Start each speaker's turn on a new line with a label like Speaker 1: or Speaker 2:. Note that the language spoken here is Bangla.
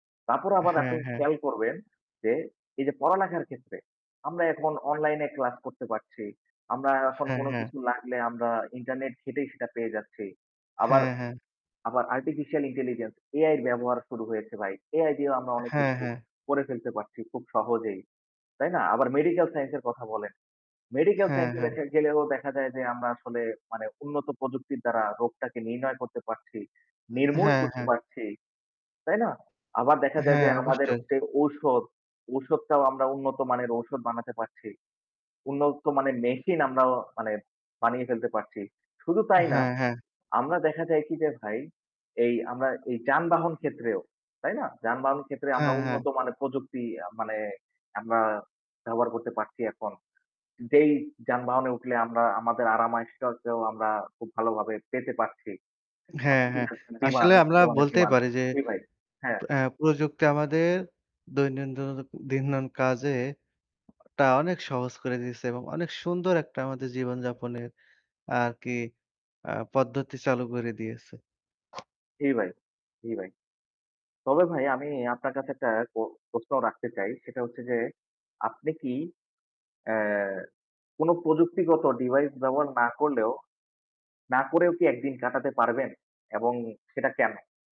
Speaker 1: তারপর আবার
Speaker 2: হ্যাঁ,
Speaker 1: আপনি
Speaker 2: হ্যাঁ।
Speaker 1: খেয়াল করবেন, যে এই যে পড়ালেখার ক্ষেত্রে আমরা এখন অনলাইনে ক্লাস করতে পারছি। আমরা এখন
Speaker 2: হ্যাঁ,
Speaker 1: কোন
Speaker 2: হ্যাঁ।
Speaker 1: কিছু লাগলে আমরা ইন্টারনেট ঘেটেই সেটা পেয়ে যাচ্ছি। আবার
Speaker 2: হ্যাঁ, হ্যাঁ।
Speaker 1: আবার আর্টিফিশিয়াল ইন্টেলিজেন্স এআই এর ব্যবহার শুরু হয়েছে ভাই। এআই দিয়েও আমরা অনেক
Speaker 2: হ্যাঁ,
Speaker 1: কিছু
Speaker 2: হ্যাঁ।
Speaker 1: করে ফেলতে পারছি খুব সহজেই। তাই না? আবার মেডিকেল সাইন্স এর কথা বলেন। মেডিকেল
Speaker 2: হ্যাঁ,
Speaker 1: সাইন্স এ
Speaker 2: হ্যাঁ।
Speaker 1: দেখা গেলেও দেখা যায় যে আমরা আসলে মানে উন্নত প্রযুক্তির দ্বারা রোগটাকে নির্ণয় করতে পারছি, নির্মূল
Speaker 2: হ্যাঁ,
Speaker 1: করতে
Speaker 2: হ্যাঁ।
Speaker 1: পারছি। তাই না? আবার দেখা যায়
Speaker 2: হ্যাঁ,
Speaker 1: যে আমাদের
Speaker 2: অবশ্যই।
Speaker 1: যে ঔষধ, ঔষুধটাও আমরা উন্নত মানের ঔষধ বানাতে পারছি। উন্নত মানের মেশিন আমরা অ মানে বানিয়ে ফেলতে পারছি। শুধু তাই না
Speaker 2: হ্যাঁ, হ্যাঁ।
Speaker 1: আমরা দেখা যায় কি যে ভাই এই আমরা এই যানবাহন ক্ষেত্রেও, তাই না? যানবাহন ক্ষেত্রে আমরা
Speaker 2: হ্যাঁ, হ্যাঁ।
Speaker 1: উন্নতমানের প্রযুক্তি মানে আমরা ব্যবহার করতে পারছি এখন। যেই যানবাহনে উঠলে আমরা আমাদের আরাম আয়েশটাকেও আমরা খুব ভালোভাবে পেতে পারছি।
Speaker 2: হ্যাঁ,
Speaker 1: আপনি ঠিক
Speaker 2: হ্যাঁ।
Speaker 1: বলছেন। ডিমান্ড
Speaker 2: আসলে আমরা
Speaker 1: অনেক
Speaker 2: বলতেই
Speaker 1: ডিমান্ড।
Speaker 2: পারি যে
Speaker 1: জি ভাই, হ্যাঁ।
Speaker 2: এ্যা প্রযুক্তি আমাদের দৈনন্দিন কাজে একটা অনেক সহজ করে দিয়েছে এবং অনেক সুন্দর একটা আমাদের জীবনযাপনের আরকি অ্যাঁ পদ্ধতি চালু করে দিয়েছে।
Speaker 1: জি ভাই, জি ভাই। তবে ভাই আমি আপনার কাছে একটা প্র প্রশ্ন রাখতে চাই সেটা হচ্ছে যে, আপনি কি এ্যা কোন প্রযুক্তিগত ডিভাইস ব্যবহার না করলেও, না করেও কি একদিন কাটাতে পারবেন এবং সেটা কেন?